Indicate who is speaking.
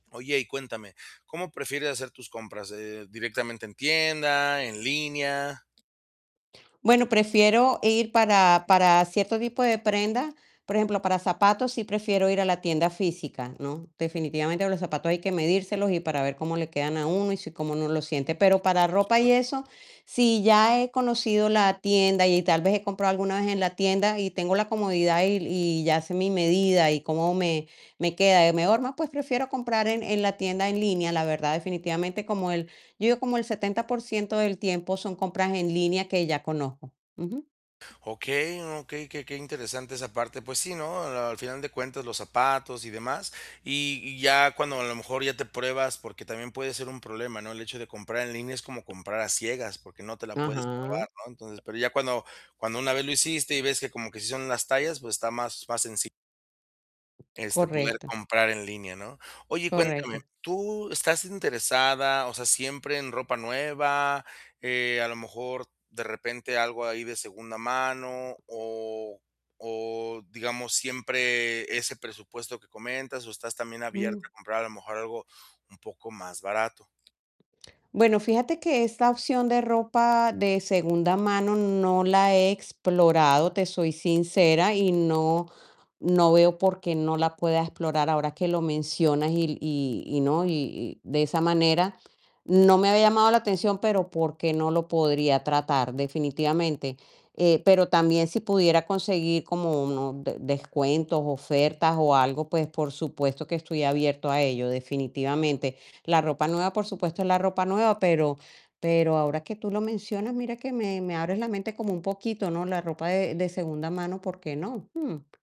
Speaker 1: Oye, y cuéntame, ¿cómo prefieres hacer tus compras?, Eh, ¿directamente en tienda, en línea?
Speaker 2: Bueno, prefiero ir para para cierto tipo de prenda, por ejemplo, para zapatos, si prefiero ir a la tienda física, ¿no?, definitivamente los zapatos hay que medírselos, y para ver cómo le quedan a 1 y si, cómo 1 lo siente, pero para
Speaker 1: Por
Speaker 2: ropa y
Speaker 1: supuesto.
Speaker 2: eso, si ya he conocido la tienda y tal vez he comprado alguna vez en la tienda, y tengo la comodidad y y ya sé mi medida, y cómo me me queda, mejor, pues, prefiero comprar en en la tienda en línea, la verdad, definitivamente, como el, yo digo, como el 70% del tiempo son compras en línea que ya conozco, ujú.
Speaker 1: Okey, okey, qué qué interesante esa parte, pues sí, ¿no?, al final de cuentas, los zapatos y demás, y y ya cuando, a lo mejor, ya te pruebas, porque también puede ser un problema, ¿no?, el hecho de comprar en línea es como comprar a ciegas, porque no te la puedes
Speaker 2: Ajá.
Speaker 1: probar, ¿no?, entonces, pero ya cuando cuando una vez lo hiciste, y ves que como que sí son las tallas, pues está más más senci Este, poder
Speaker 2: Correcto.
Speaker 1: comprar en línea, ¿no?, oye y cuéntame,
Speaker 2: Correcto.
Speaker 1: ¿tú estás interesada? O sea, ¿siempre en ropa nueva?, Eh, a lo mejor, de repente algo ahí de segunda mano, o o digamos, siempre ese presupuesto que comentas, o estás también
Speaker 2: Mm.
Speaker 1: abierta a comprar a lo mejor algo un poco más barato.
Speaker 2: Bueno, fíjate que esta opción de ropa de segunda mano no la he explorado, te soy sincera, y no no veo por qué no la pueda explorar, ahora que lo mencionas, y y y no, y y de esa manera, no me había llamado la atención, pero por qué no lo podría tratar, definitivamente, eh, pero también, si pudiera conseguir como unos descuentos, ofertas o algo, pues, por supuesto que estoy abierto a ello, definitivamente, la ropa nueva, por supuesto, es la ropa nueva, pero pero ahora que tú lo mencionas, mira que me me abres la mente como un poquito, ¿no?, la ropa de de segunda mano, ¿por qué no?, Mm.